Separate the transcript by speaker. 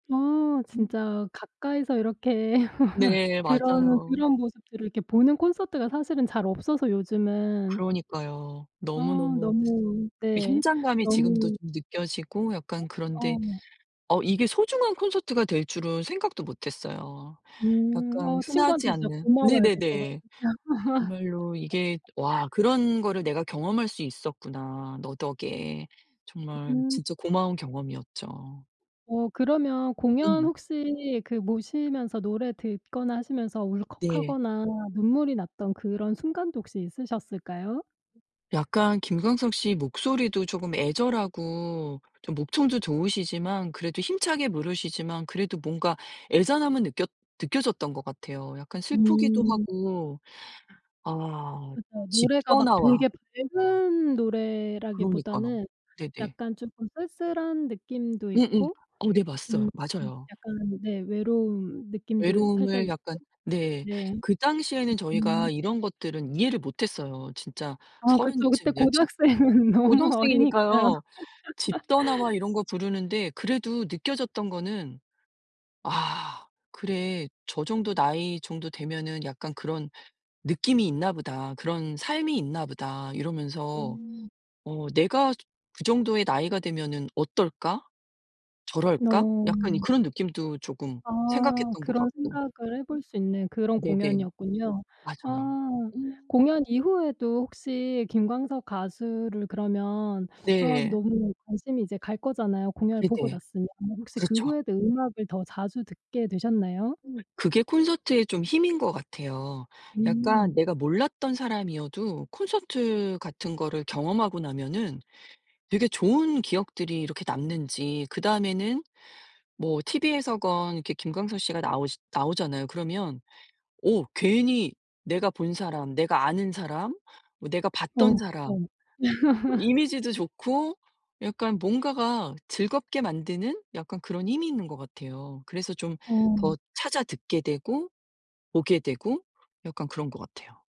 Speaker 1: 아
Speaker 2: 음.
Speaker 1: 진짜 가까이서 이렇게
Speaker 2: 네
Speaker 1: 그런
Speaker 2: 맞아요.
Speaker 1: 그런 모습들을 이렇게 보는 콘서트가 사실은 잘 없어서 요즘은.
Speaker 2: 그러니까요.
Speaker 1: 아
Speaker 2: 너무너무
Speaker 1: 너무
Speaker 2: 이
Speaker 1: 네.
Speaker 2: 현장감이 지금도
Speaker 1: 너무
Speaker 2: 좀 느껴지고
Speaker 1: 어?
Speaker 2: 약간 그런데
Speaker 1: 어.
Speaker 2: 어 이게 소중한 콘서트가 될 줄은 생각도 못했어요.
Speaker 1: 음.
Speaker 2: 약간
Speaker 1: 어
Speaker 2: 흔하지
Speaker 1: 친구한테 진짜
Speaker 2: 않은
Speaker 1: 고마워해야 될 것 같아요.
Speaker 2: 네네네. 정말로 이게 '와 그런 거를 내가 경험할 수 있었구나 너 덕에.' 정말
Speaker 1: 음.
Speaker 2: 진짜 고마운 경험이었죠.
Speaker 1: 어 그러면 공연
Speaker 2: 음.
Speaker 1: 혹시 그 모시면서 노래 듣거나 하시면서
Speaker 2: 네.
Speaker 1: 울컥하거나 눈물이 났던 그런 순간도 혹시 있으셨을까요?
Speaker 2: 약간 김광석 씨 목소리도 쪼금 애절하고 좀 목청도 좋으시지만 그래도 힘차게 부르시지만 그래도 뭔가 애잔함은 느꼈 느껴졌던 것 같아요. 약간 슬프기도
Speaker 1: 음.
Speaker 2: 하고. 아.
Speaker 1: 그쵸.
Speaker 2: 집
Speaker 1: 노래가 막
Speaker 2: 떠나와
Speaker 1: 되게 밝은
Speaker 2: 그러니까요.
Speaker 1: 노래라기보다는
Speaker 2: 네네.
Speaker 1: 약간 쪼끔 쓸쓸한 느낌도
Speaker 2: 음음.
Speaker 1: 있고
Speaker 2: 어 네 맞서요
Speaker 1: 음
Speaker 2: 맞아요.
Speaker 1: 약간 네 외로운 느낌도 살짝
Speaker 2: 외로움을
Speaker 1: 있고.
Speaker 2: 약간 네.
Speaker 1: 네.
Speaker 2: 그 당시에는 저희가
Speaker 1: 음.
Speaker 2: 이런 것들은 이해를 못했어요. 진짜
Speaker 1: 아
Speaker 2: 30
Speaker 1: 그쵸. 그때
Speaker 2: 즈음이었지
Speaker 1: 고등학생은 너무 어리니까.
Speaker 2: 고등학생이니까요. 집 떠나와 이런 거 부르는데 그래도 느껴졌던 거는 '아 그래. 저 정도 나이 정도 되면은 약간 그런 느낌이 있나 보다. 그런 삶이 있나 보다.' 이러면서
Speaker 1: 음.
Speaker 2: '어 내가 저 그 정도의 나이가 되면 어떨까? 저럴까?' 약간 이
Speaker 1: 어.
Speaker 2: 그런 느낌도 조금
Speaker 1: 아.
Speaker 2: 생각했던 것
Speaker 1: 그런
Speaker 2: 같고.
Speaker 1: 생각을 해 볼 수 있는 그런
Speaker 2: 네네.
Speaker 1: 공연이었군요.
Speaker 2: 맞아요.
Speaker 1: 아.
Speaker 2: 음.
Speaker 1: 공연 이후에도 혹시 김광석 가수를 그러면 아
Speaker 2: 네.
Speaker 1: 너무 관심이 이제 갈 거잖아요 공연을 보고
Speaker 2: 네네.
Speaker 1: 났으면. 혹시 그
Speaker 2: 그렇죠.
Speaker 1: 후에도 음악을 더 자주 듣게 되셨나요?
Speaker 2: 음. 그게 콘서트의 좀 힘인 것 같아요.
Speaker 1: 음.
Speaker 2: 약간 내가 몰랐던 사람이어도 콘서트 같은 거를 경험하고 나면은 되게 좋은 기억들이 이렇게 남는지 그다음에는 뭐 TV에서건 이렇게 김광석 씨가 나오시 나오잖아요. 그러면 어 괜히 내가 본 사람 내가 아는 사람 뭐 내가 봤던
Speaker 1: 어
Speaker 2: 사람
Speaker 1: 그쵸.
Speaker 2: 이미지도 좋고 약간 뭔가가 즐겁게 만드는 약간 그런 힘이 있는 것 같아요. 그래서 좀
Speaker 1: 어.
Speaker 2: 더 찾아 듣게 되고 보게 되고 약간 그런 것 같아요.